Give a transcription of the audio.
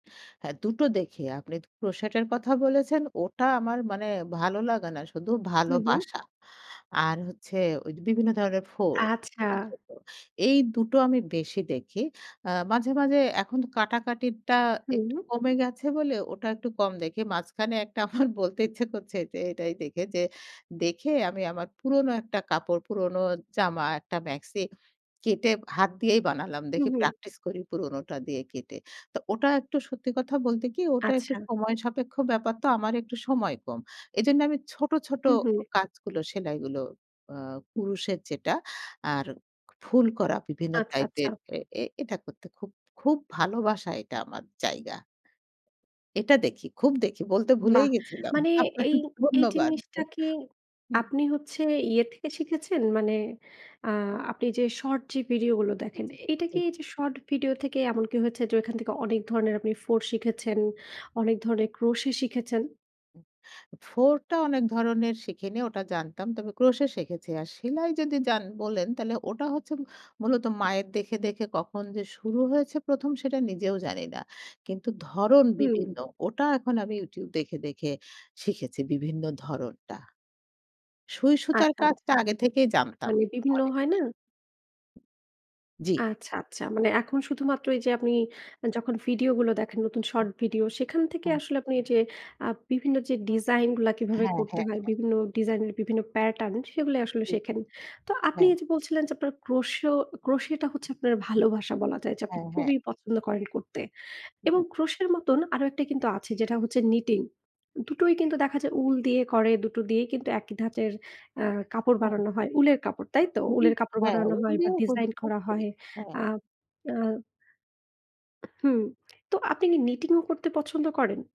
হ্যাঁ। দুটো দেখে আপনি crochet কথা বলেছেন। ওটা আমার মানে ভালো লাগে না শুধু, হু, হু। ভালোবাসা। আর হচ্ছে ঐ বিভিন্ন ধরনের ফুল। আচ্ছা। এটাই সত্য, এই দুটো আমি বেশি দেখি। আ মাঝে মাঝে এখন তো কাটাকাটিরটা একটু হুম। কমে গেছে বলে, ওটা একটু কম দেখি। মাঝখানে একটা আমার বলতে ইচ্ছা করছে যে, এটাই দেখে যে, দেখে আমি আমার পুরনো একটা কাপড়, পুরোনো জামা, একটা মাক্সি কেটে হাত দিয়েই বানালাম। হু, দেখি হুম। প্র্যাকটিস করি পুরনোটা দিয়ে কেটে। তো ওটা একটু সত্যি কথা বলতে কি, ওটা একটু আচ্ছা। সময় সাপেক্ষ ব্যাপার তো; আমার একটু সময় কম। এজন্য আমি ছোট, ছোট হু, হু। কাজগুলো, সেলাইগুলো আ কুরুশের যেটা, আর ফুল করা বিভিন্ন আচ্ছা, আচ্ছা। টাইপের এ এ এটা করতে খুব, খুব ভালোবাসা এটা আমার জায়গা। এটা দেখি। খুব দেখি। বলতে ভুলেই বাহ! গেছিলাম। মানে আপনাকে এই এই ধন্যবাদ। জিনিসটা কি হুম। আপনি হচ্ছে ইয়ে থেকে শিখেছেন? মানে আ আপনি যে শর্ট যে ভিডিওগুলো জি, দেখেন, জি, এইটা জি। কি এইযে শর্ট ভিডিও থেকে এমনকি হয়েছে যে ঐখান থেকে অনেক ধরনের আপনি ফোঁড় শিখেছেন, অনেক ধরনের crochet শিখেছেন? ফোঁড়টা অনেক ধরনের শিখিনি। ওটা জানতাম। তবে crochet শিখেছি। আর সেলাই যদি যান বলেন তাহলে ওটা হচ্ছে মূলত মায়ের দেখে, দেখে কখন যে শুরু হয়েছে ১ম সেটা নিজেও জানি না। কিন্তু ধরন হুম। বিভিন্ন। ওটা এখন আমি YouTube দেখে দেখে শিখেছি বিভিন্ন ধরনটা। সুইসুতার আচ্ছা, আচ্ছা। কাজটা আগে থেকেই জানতাম মানে বিভিন্ন অনেকটাই। হয় না? জি। আচ্ছা, আচ্ছা। মানে এখন শুধুমাত্র এই যে আপনি যখন ভিডিওগুলো দেখেন, নতুন হ্যাঁ। শর্ট ভিডিও সেখান থেকে হ্যাঁ। আসলে আপনি এই যে আ বিভিন্ন যে ডিজাইনগুলা কিভাবে হ্যাঁ, করতে হ্যাঁ, হয়, হ্যাঁ। বিভিন্ন ডিজাইন, বিভিন্ন প্যাটার্ন সেগুলোই আসলে শেখেন। তো আপনি হ্যাঁ। এই যে বলছিলেন যে, আপনার crocheo crochet টা হচ্ছে আপনার ভালোবাসা বলা যায় যে আপনি হ্যাঁ, হ্যাঁ। খুবই পছন্দ করেন করতে। হু, এবং হু। crochet এর মতন আরো একটা কিন্তু আছে। যেটা হচ্ছে knitting. দুটোই কিন্তু দেখা যায় উল দিয়ে করে। দুটো দিয়েই কিন্তু একই ধাঁচের অ্যা কাপড় তাই? বানানো হয়। উলের কাপড়, তাই তো? উলের [unintelligible] কাপড় হ্যাঁ, বানানো হয় বা ওগুলিও করি, ডিজাইন খুব করা করি। হয়। হ্যাঁ। আ আ হুম, তো আপনি কি knitting ও করতে পছন্দ করেন?